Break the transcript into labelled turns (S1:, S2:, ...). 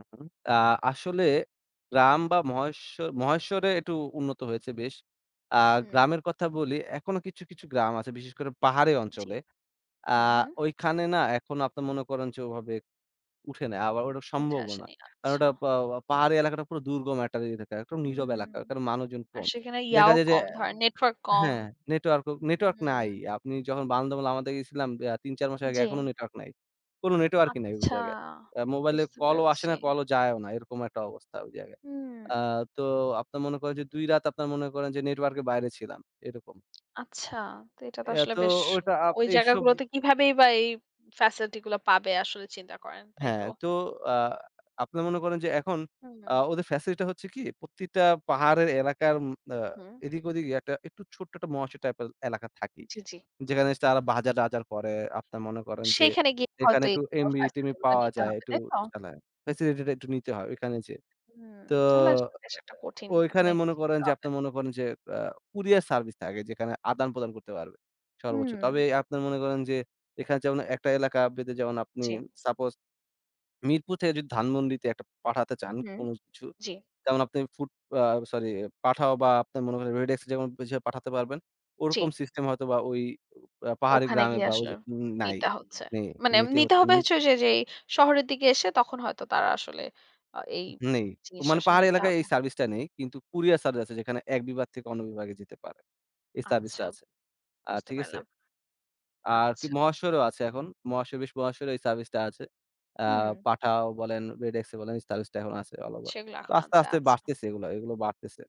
S1: [unintelligible] আ আসলে গ্রাম বা মহেশ্ব মহেশ্বরে একটু উন্নত হয়েছে বেশ। আ
S2: হুম।
S1: গ্রামের কথা বলি এখনো কিছু, কিছু গ্রাম আছে বিশেষ করে পাহাড়ি
S2: জি।
S1: অঞ্চলে। আ
S2: হুম হুম।
S1: ঐখানে না এখনো আপনি মনে করেন যে ওভাবে উঠে নাই। আবার ওটা
S2: উঠে
S1: সম্ভবও না।
S2: আসেনি।
S1: কারণ
S2: আচ্ছা।
S1: ওটা পা পাহাড়ি এলাকাটা পুরো দুর্গম একটা এলাকা, একটা নীরব
S2: হুম।
S1: এলাকা। ওখানে মানুষজন
S2: আর
S1: কম।
S2: সেখানে
S1: দেখা
S2: ইয়াও
S1: যায় যে
S2: কম ধরেন নেটওয়ার্ক কম।
S1: হ্যাঁ নেটওয়ার্কও
S2: হু,
S1: নেটওয়ার্ক
S2: হু।
S1: নাই। আপনি যখন বান্দরবনে লামাতে গেছিলাম এ্যা ৩, ৪ মাস আগে
S2: জি।
S1: এখনো নেটওয়ার্ক নাই। কোনো নেটওয়ার্কই নাই ঐ
S2: আচ্ছা
S1: জায়গায়। আ মোবাইলে
S2: বুঝতে
S1: কলও আসে
S2: পেরেছি।
S1: না, কলও যায়ও না। এরকম একটা অবস্থা ঐ জায়গায়। আ
S2: হুম।
S1: তো আপনার মনে করেন যে ২ রাত আপনার মনে করেন যে নেটওয়ার্ক এর বাইরে ছিলাম। এরকম।
S2: আচ্ছা, তো এটা তো
S1: এত
S2: আসলে বেশ
S1: ওটা আপ
S2: ঐ
S1: এইসব
S2: জায়গাগুলোতে কিভাবে বা এই ফ্যাসিলিটি গুলো পাবে আসলে চিন্তা করেন, তাই
S1: হ্যাঁ
S2: তো?
S1: তো আ আপনি মনে করেন যে এখন
S2: হুম।
S1: আ ওদের ফ্যাসিলিটি টা হচ্ছে কি প্রতিটা পাহাড়ের এলাকার উম আ
S2: হুম।
S1: এদিক ওদিকে একটা একটু ছোট্ট একটা মহেশ্বর টাইপের এলাকা থাকেই।
S2: জি, জি।
S1: যেখানে স তারা বাজার-টাজার করে আপনারা মনে করেন যে,
S2: সেখানে গিয়ে
S1: এখানে
S2: হয়তো
S1: একটু
S2: এগুলো ফ্যাসিলিটি
S1: এমবি-টেমবি
S2: গুলা
S1: পাওয়া
S2: নিতে
S1: যায়,
S2: হবে
S1: একটু
S2: তাই তো?
S1: চালায়, ফ্যাসিলিটি টা একটু নিতে হয় ওখানে যেয়ে।
S2: হুম
S1: তো
S2: তাহলে আসলে বিষয়টা কঠিন
S1: ও ওইখানে
S2: ওখানে।
S1: মনে করেন যে,
S2: প্রব্লে
S1: আপনি মনে করেন যে আ কুরিয়ার সার্ভিস থাকে যেখানে আদান-প্রদান করতে পারবে। সর্বোচ্চ।
S2: হুম।
S1: তবে আপনার মনে করেন যে, এখানে যেমন একটা এলাকা ভিত্তিক যেমন আপনি
S2: জি।
S1: সাপোজ মিরপুর থেকে যদি ধানমন্ডিতে একটা পাঠাতে চান
S2: হুম।
S1: কোন কিছু,
S2: জি।
S1: যেমন আপনি ফুড আ সরি পাঠাও বা আপনার মনে করেন রেডেক্স যেমন [unintelligible] পাঠাতে পারবেন। ওরকম
S2: জি।
S1: সিস্টেম হয়তো বা ঐ আ পাহাড়ি
S2: ওখানে
S1: গ্রামে
S2: গিয়ে
S1: বা
S2: আসলে
S1: ওইযে উ নাই
S2: নিতে হচ্ছে।
S1: নে
S2: মানে
S1: নিতে
S2: নিতে
S1: হচ্ছে,
S2: হবে
S1: নি
S2: হচ্ছে ওইযে, যে, শহরের দিকে এসে তখন হয়তো তারা আসলে আ এই
S1: নেই। তো
S2: জিনিসটা
S1: মানে
S2: আসলে
S1: পাহাড়ী
S2: নিতে
S1: এলাকায়
S2: হবে।
S1: এই সার্ভিস টা নেই। কিন্তু কুরিয়ার সার্ভিস আছে যেখানে এক বিভাগ থেকে অন্য বিভাগে যেতে পারে। এই সার্ভিস টা
S2: আচ্ছা।
S1: আছে। আ
S2: বুঝতে
S1: ঠিক আছে?
S2: পারলাম।
S1: আর কি
S2: আচ্ছা।
S1: মহাশয়রও আছে এখন। মহাশয় বেশ মহাশয় এই সার্ভিস টা আছে। আ
S2: হুম।
S1: পাঠাও বলেন, রেডেক্স বলেন এই সার্ভিস টা এখন আছে অল ওভার।
S2: সেগুলো
S1: তো
S2: এখন
S1: আস্তে,
S2: আনছে
S1: আস্তে,
S2: আচ্ছা।
S1: বাড়তেছে এগুলো, এগুলো বাড়তেছে।